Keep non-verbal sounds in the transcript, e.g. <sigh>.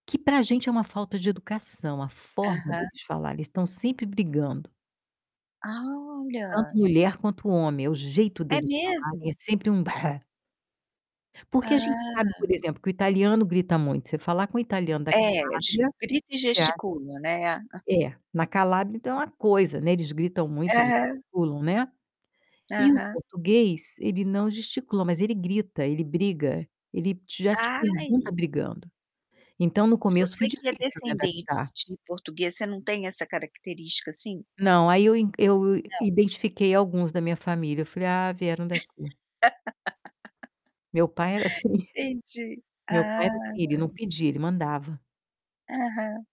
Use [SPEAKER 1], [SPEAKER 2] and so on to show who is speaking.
[SPEAKER 1] Que pra gente, é uma falta de educação a forma
[SPEAKER 2] Aham.
[SPEAKER 1] deles falarem, eles estão sempre brigando. Tanto
[SPEAKER 2] Olha!
[SPEAKER 1] mulher quanto homem, é o jeito
[SPEAKER 2] É
[SPEAKER 1] deles falarem, é
[SPEAKER 2] mesmo?
[SPEAKER 1] sempre um Porque a gente sabe, por
[SPEAKER 2] Ah.
[SPEAKER 1] exemplo, que o italiano grita muito. Você falar com o italiano da
[SPEAKER 2] É, de
[SPEAKER 1] Calábria
[SPEAKER 2] grito e
[SPEAKER 1] você a
[SPEAKER 2] gesticula, né?
[SPEAKER 1] é na Calábria, ainda, é uma coisa, né, eles gritam muito,
[SPEAKER 2] Aham.
[SPEAKER 1] gesticulam né. E o
[SPEAKER 2] Aham.
[SPEAKER 1] português, ele não gesticula, mas ele grita, ele briga, ele já te pergunta
[SPEAKER 2] Ai.
[SPEAKER 1] brigando. Então, no
[SPEAKER 2] E
[SPEAKER 1] começo, foi
[SPEAKER 2] você que é
[SPEAKER 1] difícil me
[SPEAKER 2] descendente
[SPEAKER 1] adaptar.
[SPEAKER 2] de português, você não tem essa característica, assim?
[SPEAKER 1] Não, aí eu in eu
[SPEAKER 2] Não.
[SPEAKER 1] identifiquei alguns da minha família, eu falei: "Ah, vieram daqui".
[SPEAKER 2] <laughs>
[SPEAKER 1] Meu pai era assim,
[SPEAKER 2] Entendi,
[SPEAKER 1] meu pai
[SPEAKER 2] ah.
[SPEAKER 1] era assim, não pedia, ele mandava.
[SPEAKER 2] Aham.